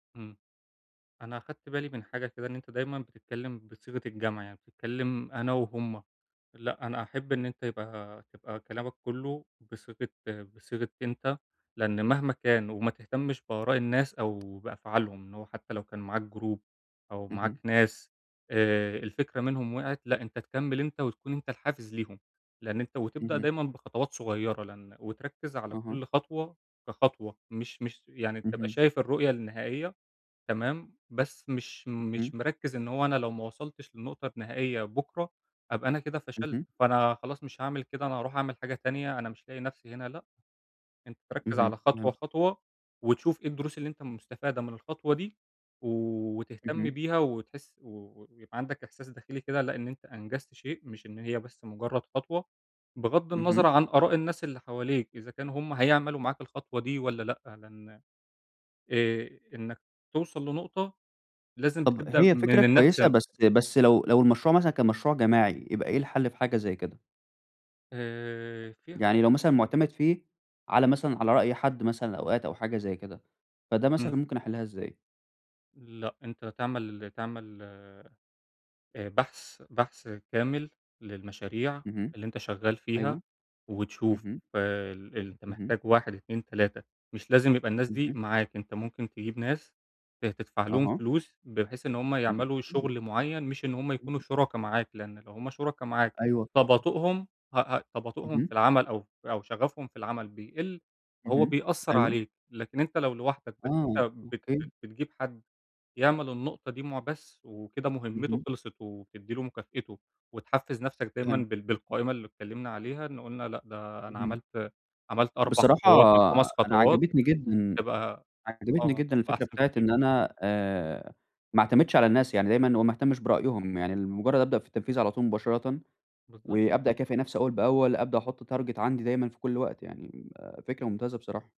إمم. أنا أخدت بالي من حاجة كده، إن أنت دايمًا بتتكلّم بصيغة الجمع، يعني بتتكلّم أنا وهُم لأ أنا أحب إن أنت يبقى تبقى كلامك كلّه بصيغة بصيغة أنت، لإن مهما كان، وما تهتمش بآراء الناس أو بأفعالهم، إن هو حتّى لو كان معاك Group أو معاك اهم. ناس آآ الفكرة منهم وقعِت، لأ أنت تكمّل أنت وتكون أنت الحافز ليهم، لإن أنت وتبدأ اهم. دايمًا بخطوات صغيّرة لإن وتركّز على أها. كلّ خطوة كخطوة مش مش، يعني تبقى اهم. شايف الرؤية النهائية، تمام؟ بس مش اهم. مش مركّز إن هو أنا لو ما وصلتش للنقطة النهائية بُكره، هابقى أنا كده فشلت، اهم. فأنا خلاص مش هاعمل كده أنا هاروح أعمل حاجة تانية أنا مش لاقي نفْسي هنا، لأ، أنت تركّز اهم، على خطوة، فهمت. خطوة، وتشوف إيه الدروس اللي أنت مستفادة من الخطوة دي، وتهتم اهم. بيها وتحس و ويبقى عندك إحساس داخلي كده لأ، إن أنت أنجزت شيء، مش إن هي بس مجرّد خطوة، بغَض اهم. النظَر عن آراء الناس اللي حواليك، إذا كانوا هُم هيعملوا معاك الخطوة دي والّا لأ، لإن آآ إنّك توصل لنقطة، لازم طب تبدأ هي فكرة من النفْس كويسة ي بس بس لو لو المشروع مثلًا كان مشروع جماعي، يبقى إيه الحل في حاجة زي كده؟ آآ في ح يعني لو مثلًا معتمد فيه، على مثلًا على رأي حد مثلًا أوقات أو حاجة زي كده، فده إمم. مثلًا ممكن أحلّها إزاي؟ لأ أنت تعمل ال تعمل آآ بحث بحث كامل، للمشاريع اهم. اللي أنت شغال فيها، أيوه. وتشوف اهم. ال أنت اهم. محتاج 1، 2، 3، مش لازم يبقى الناس دي اهم. معاك، أنت ممكن تجيب ناس ت تدفع لهم أها. فلوس، بحيث إن هُم اهم. يعملوا امم. شغل معيّن مش إن هُم يكونوا [unintelligible] شُركا معاك، لإن لو هُم شُركا معاك أيوه فهمتك. تباطؤهم ه ه تباطؤهم في اهم. العمل أو أو شغفهم في العمل بيقل، هو اهم. بيأثّر أيوه. عليك، لكن أنت لو لوحدك بس آه، أنت بت بت أوكي. بتجيب حد يعمل النقطة دي مُع بس وكده مهمته اهم. خلصت وتدّي له مكافئته، وتحفّز نفْسك دايمًا فهمت. بال بالقائمة اللي اتكلّمنا عليها، إن قُلنا لأ ده أنا اهم. عملت عملت 4 بصراحة خطوات من 5 أنا خطوات، عجبتني جدًا تبقى عجبتني آه جدًا الفكرة أحسن بتاعة كتير. إن أنا آآ ما اعتمدش على الناس، يعني دايمًا أو ما اهتمش برأيهم، يعني لمجرّد أبدأ في التنفيذ على طول مباشرةً، بالضبط. وأبدأ أكافئ نفْسي أوّل بأوّل، أبدأ أحط target عندي دايمًا في كلّ وقت، يعني م فكرة ممتازة بصراحة.